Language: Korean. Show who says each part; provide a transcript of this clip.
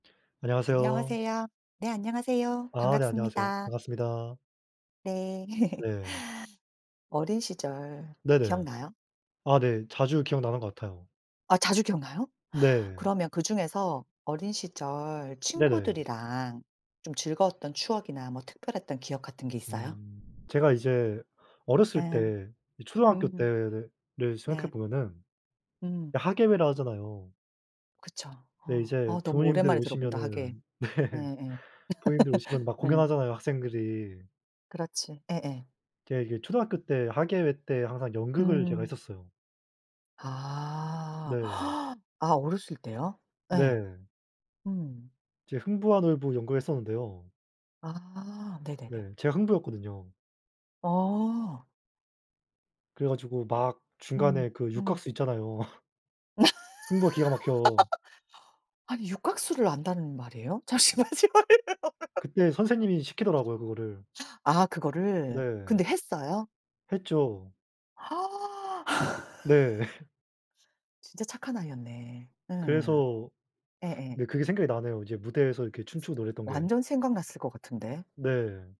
Speaker 1: 안녕하세요.
Speaker 2: 안녕하세요. 네 안녕하세요.
Speaker 1: 아 네 안녕하세요.
Speaker 2: 반갑습니다.
Speaker 1: 반갑습니다.
Speaker 2: 네.
Speaker 1: 네.
Speaker 2: 어린 시절
Speaker 1: 네네.
Speaker 2: 기억나요?
Speaker 1: 아 네. 자주 기억나는 것 같아요.
Speaker 2: 아 자주 기억나요?
Speaker 1: 네.
Speaker 2: 그러면 그중에서 어린 시절
Speaker 1: 네네.
Speaker 2: 친구들이랑 좀 즐거웠던 추억이나 뭐 특별했던 기억 같은 게 있어요?
Speaker 1: 음 제가 이제 어렸을
Speaker 2: 예.
Speaker 1: 때 이 초등학교
Speaker 2: 음.
Speaker 1: 때를
Speaker 2: 네.
Speaker 1: 생각해 보면은
Speaker 2: 음.
Speaker 1: 이 학예회라 하잖아요.
Speaker 2: 그쵸.
Speaker 1: 네.
Speaker 2: 어
Speaker 1: 이제
Speaker 2: 어 너무
Speaker 1: 부모님들
Speaker 2: 오랜만에 들어본다 학예회.
Speaker 1: 오시면은 네.
Speaker 2: 네 예.
Speaker 1: 부모님들 오시면 막
Speaker 2: 예.
Speaker 1: 공연하잖아요, 학생들이.
Speaker 2: 그렇지. 예예.
Speaker 1: 제가 이제 초등학교 때 학예회 때 항상 연극을 제가
Speaker 2: 음.
Speaker 1: 했었어요.
Speaker 2: 아.
Speaker 1: 네.
Speaker 2: 아 어렸을 때요? 예.
Speaker 1: 네.
Speaker 2: 음.
Speaker 1: 이제 흥부와 놀부 연극을 했었는데요.
Speaker 2: 아
Speaker 1: 네.
Speaker 2: 네네네.
Speaker 1: 제가 흥부였거든요.
Speaker 2: 어.
Speaker 1: 그래 가지고 막
Speaker 2: 음
Speaker 1: 중간에 그
Speaker 2: 음.
Speaker 1: 육각수 있잖아요. 흥부가 기가 막혀.
Speaker 2: 아니 육각수를 안다는 말이에요? 잠시만요.
Speaker 1: 그때 선생님이 시키더라고요, 그거를.
Speaker 2: 아 그거를.
Speaker 1: 네.
Speaker 2: 근데 했어요?
Speaker 1: 했죠. 네.
Speaker 2: 진짜 착한 아이였네. 예.
Speaker 1: 그래서
Speaker 2: 예예.
Speaker 1: 네 그게 생각이 나네요. 이제 무대에서 이렇게 춤추고 노래했던 게.
Speaker 2: 완전 생각났을 것 같은데.
Speaker 1: 네.